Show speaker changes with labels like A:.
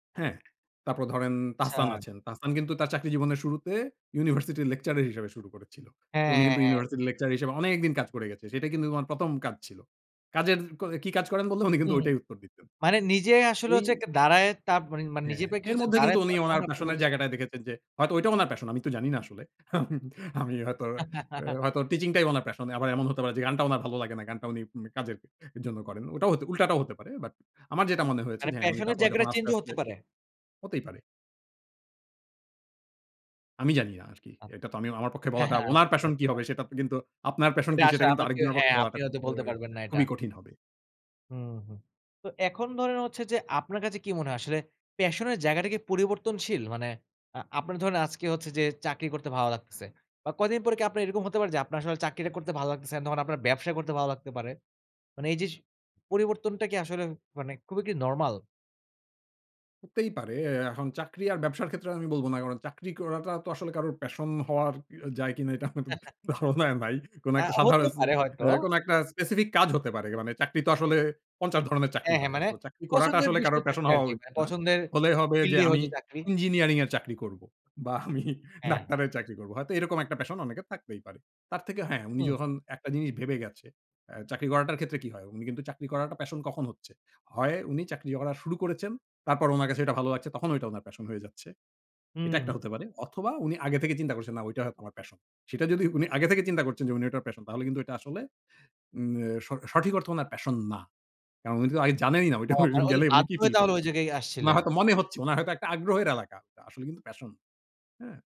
A: হ্যাঁ। তারপর ধরেন তাহসান
B: আচ্ছা।
A: আছেন, তাহসান কিন্তু তার চাকরি জীবনের শুরুতে university lecturer হিসেবে শুরু করেছিল। তো
B: হ্যাঁ,
A: উনি
B: হ্যাঁ,
A: কিন্তু
B: হ্যাঁ।
A: university এর lecturer হিসেবে অনেকদিন কাজ করে গেছে। সেটা কিন্তু উনার ১ম কাজ ছিল, কাজের ক কি কাজ করেন বললে উনি কিন্তু
B: হুম,
A: ওইটাই উত্তর দিতেন।
B: মানে নিজেই আসলে
A: এই
B: হচ্ছে একটা দাঁড়ায়ে তার পর মা মানে
A: হ্যাঁ,
B: নিজের পায়ে
A: এর
B: কিছুটা
A: মধ্যে
B: দাঁড়ায়
A: কিন্তু উনি
B: তখন
A: উনার
B: আপনি
A: প্যাশনের
B: বলতেছেন যে
A: জায়গাটায় দেখেছেন যে হয়তো ওইটা উনার প্যাশন আমি তো জানি না আসলে। আমি হয়তো হয়তো teaching টাই ওনার প্যাশন। আবার এমন হতে পারে যে গানটা উনার ভালো লাগে না গানটা উনি ম কাজের জন্য করেন। ওটাও হতে উল্টাটাও হতে পারে। But আমার যেটা মনে হয়েছে
B: মানে
A: যে, হ্যাঁ, উনি
B: প্যাশনের
A: তারপর যখন
B: জায়গাটা
A: আস্তে,
B: change ও
A: আস্তে
B: হতে পারে?
A: হতেই পারে। আমি জানি না আরকি। এটা তো আমি আ আমার পক্ষে
B: হ্যাঁ,
A: বলাটা
B: হ্যাঁ।
A: উনার
B: আচ্ছা,
A: প্যাশন কি
B: আচ্ছা।
A: হবে সেটা ত কিন্তু আপনার প্যাশন
B: এটা
A: কি
B: আশা
A: সেটা কিন্তু
B: আমাকে
A: আরেকজনের পক্ষে
B: হ্যাঁ
A: বলাটা
B: আপনি
A: খুব
B: হয়তো
A: এ
B: বলতে পারবেন না এটা।
A: খুবই কঠিন হবে।
B: হুম, হুম। তো এখন ধরেন হচ্ছে যে আপনার কাছে কি মনে হয় আসলে প্যাশনের জায়গাটা কি পরিবর্তনশীল? মানে আ আপনার ধরেন আজকে হচ্ছে যে চাকরি করতে ভালো লাগতেছে। বা কয়দিন পরে কি আপনার এরকম হতে পারে যে আপনার আসলে চাকরিটা করতে ভালো লাগতেছে না তখন আপনার ব্যবসা করতে ভালো লাগতে পারে? মানে এই যে স পরিবর্তনটা কি আসলে মানে খুবই কী নরমাল?
A: হতেই পারে, এ এখন চাকরি আর ব্যবসার ক্ষেত্রে আমি বলব না কারণ চাকরি করাটা তো আসলে কারোর প্যাশন হওয়ার এ যায় কিনা এটা আমার তো ধারণা নাই। কোন
B: আ
A: একটা সাধারণ,
B: হতেই পারে হয়তো।
A: এ কোন একটা specific কাজ হতে পারে মানে চাকরি তো আসলে ৫০ ধরনের চাকরি
B: হ্যাঁ, হ্যাঁ।
A: হয়।
B: মানে
A: So চাকরি করাটা
B: পছন্দের
A: আসলে
B: বিষয়ে
A: কারোর প্যাশন
B: চাকরি
A: হওয়া
B: আরকি। মা
A: উচিত না।
B: পছন্দের
A: হলে হবে যে
B: ফিল্ডে
A: আমি
B: হয়তো চাকরি।
A: ইঞ্জিনিয়ারিং এর চাকরি করবো বা আমি
B: হ্যাঁ।
A: ডাক্তারের চাকরি করব, হয়তো এরকম একটা প্যাশন অনেকের থাকতেই পারে। তার থেকে হ্যাঁ উনি
B: হুম।
A: যখন একটা জিনিস ভেবে গেছে আ চাকরি করাটার ক্ষেত্রে কি হয়? উনি কিন্তু চাকরি করাটা প্যাশন কখন হচ্ছে? হয় উনি চাকরি করা শুরু করেছেন, তারপর ওনার কাছে এটা ভালো লাগছে তখন ওইটা উনার প্যাশন হয়ে যাচ্ছে।
B: হু,
A: এটা
B: হু,
A: একটা
B: হুম।
A: হতে পারে অথবা উনি আগে থেকে চিন্তা করছেন, না ওইটা হ আমার প্যাশন। সেটা যদি উনি আগে থেকে চিন্তা করছেন যে উনি ওটার প্যাশন তাহলে কিন্তু এটা আসলে উম এ স সঠিক অর্থে উনার প্যাশন না। কারণ উনি তো আগে জানেনই না ওইটা
B: ও মানে, ওই যে
A: গেলেই উনি
B: বাধ্য
A: কি
B: হয়ে
A: ফিল
B: তাহলে ওই
A: করবেন।
B: জায়গায়
A: উনার
B: আসছিলেন?
A: হয়তো মনে হচ্ছে উনার হয়তো একটা আগ্রহের এলাকা, তা আসলে কিন্তু প্যাশন। হ্যাঁ?